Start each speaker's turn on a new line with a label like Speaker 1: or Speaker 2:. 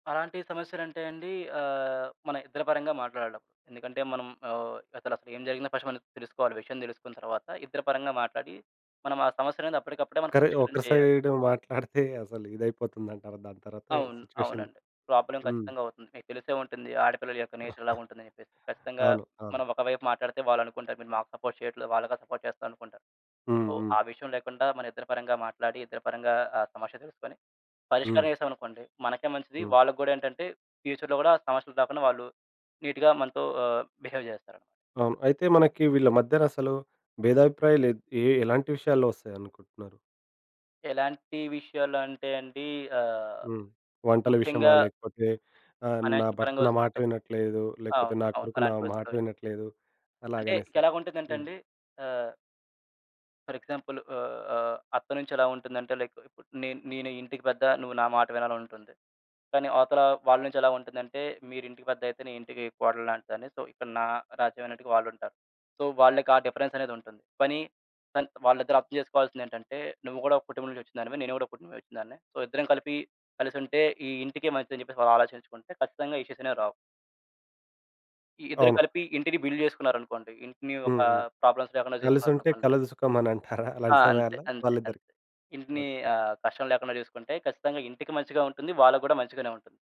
Speaker 1: అలాంటి సమస్యలంటే అండీ ఆహ్, మన ఇద్దరి పరంగా మాట్లాడడం. ఎందుకంటే మనం ఆహ్, అసలసలేం జరిగినా ఫస్ట్ మనం తెలుసుకోవాలి. విషయం తెలుసుకున్న తర్వాత ఇద్దర పరంగా మాట్లాడి మనం ఆ సమస్యనేది అప్పడికప్పుడే మనం
Speaker 2: కరె
Speaker 1: పరిష్కరణ
Speaker 2: ఒక
Speaker 1: చెయ్యాలి.
Speaker 2: సైడు మాట్లాడితే అసలు ఇదయిపోతుందంటారా దాని తర్వాత
Speaker 1: అవును.
Speaker 2: సిట్యుయేషన్?
Speaker 1: అవునండి. ప్రాబ్లమ్
Speaker 2: హ్మ్.
Speaker 1: ఖచ్చితంగా అవుతుంది. మీకు తెలిసే ఉంటుంది. ఆడ పిల్లల యొక్క నేచరేలాగుంటుందని చెప్పేసి. ఖచ్చితంగా
Speaker 2: అవును. అవును.
Speaker 1: మనం ఒకవైపు మాట్టాడితే వాళ్ళనుకుంటారు, మీరు మాకు సపోర్ట్ చెయ్యట్లేదు వాళ్ళకే సపోర్ట్ చేస్తా అనుకుంటారు.
Speaker 2: హ్మ్.
Speaker 1: ఓహ్,
Speaker 2: హ్మ్.
Speaker 1: ఆ విషయం లేకుండా మనం ఇద్దరి పరంగా మాట్లాడి, ఇద్దరి పరంగా ఆ సమస్య తెలుసుకొని, పరిష్కారం
Speaker 2: హ్మ్.
Speaker 1: చేశావనుకోండి మనకే మంచిది.
Speaker 2: హ్మ్.
Speaker 1: వాళ్ళకు గూడా ఏంటంటే, ఫ్యూచర్‌లో గూడా సమస్యలు రాకుండా వాళ్ళు నీట్‌గా మనతో ఆహ్, బిహేవ్ జేస్తారు.
Speaker 2: అవును. అయితే మనకీ వీళ్ళ మధ్యనసలూ భేదాభిప్రాయాలు ఎద్ ఏ ఎలాంటి విషయాల్లో వొస్తాయనుకుంటున్నారు?
Speaker 1: ఎలాంటి విషయాలు అంటే అండీ. ఆహ్,
Speaker 2: హ్మ్. వంటల విషయమా
Speaker 1: ముఖ్యంగా
Speaker 2: లేకపోతే ఆహ్, నా
Speaker 1: ఫైనాన్షియల్
Speaker 2: భర్త
Speaker 1: పరంగా
Speaker 2: నా మాట
Speaker 1: వొస్తుంటాయి.
Speaker 2: వినట్లేదు లేకపోతే
Speaker 1: అవును.
Speaker 2: నా
Speaker 1: అవును.
Speaker 2: కొడుకు నా మాట
Speaker 1: అలాంటివొస్తుంటాయి.
Speaker 2: వినట్లేదు
Speaker 1: అంటే,
Speaker 2: అలాగనేసి.
Speaker 1: ఇంకెలాగుంటుందంటే
Speaker 2: హ్మ్.
Speaker 1: అండి, ఆహ్ ఫర్ ఎగ్జాంపులు ఆహ్, ఆహ్, అత్త నుంచెలా ఉంటుందంటే, లైక్ ఇప్పుడు నేను నేనే ఇంటికి పెద్ద నువ్వు నా మాట వినాలనంటుంది. కానీ అవతలా వాళ్ళ నుంచెలా ఉంటుందంటే, మీరింటికి పెద్దయితే నే ఇంటికీ కోడలులాంటిదాన్ని. సో, ఇక్కడ నా రాజ్యం అన్నట్టుగా వాళ్ళుంటారు. సో, వాళ్ళకి ఆ డిఫరెన్సనేదుంటుంది. పనీ కానీ వాళ్ళిద్దరూ అర్థం చేసుకోవాల్సిందేంటంటే, నువ్వు గూడా ఒక కుటుంబం నుంచొచ్చినదానివే. నేను గూడా ఓ కుటుంబం నుంచొచ్చినదాన్నే. సో, ఇద్దరం కలిపి కలిసుంటే, ఈ ఇంటికి మంచిదని చెప్పేసి వాళ్ళు ఆలోచించుకుంటే, ఖచ్చితంగా ఇష్యూసనేవి రావు. ఈ ఇద్దరు
Speaker 2: అవును.
Speaker 1: కలిపి ఇంటిని బిల్డ్ చేసుకున్నారనుకోండి, ఇంటిని
Speaker 2: హ్మ్.
Speaker 1: ఒకా
Speaker 2: హ్మ్.
Speaker 1: ప్రాబ్లమ్స్ లేకుండా
Speaker 2: కలిసుంటే
Speaker 1: చూసుకున్నారనుకోండి.
Speaker 2: కలదు సుఖమనంటారా?
Speaker 1: ఆ!
Speaker 2: అలాంటి
Speaker 1: అంతే.
Speaker 2: సమయాల్లో వాళ్ళ
Speaker 1: అంతే. అంతే.
Speaker 2: ఇద్దరికి?
Speaker 1: ఇంటినీ
Speaker 2: ఓకే.
Speaker 1: ఆహ్, కష్టం లేకుండా చూసుకుంటే ఖచ్చితంగా ఇంటికి మంచిగా ఉంటుంది. వాళ్ళకు గూడా మంచిగానే ఉంటుంది.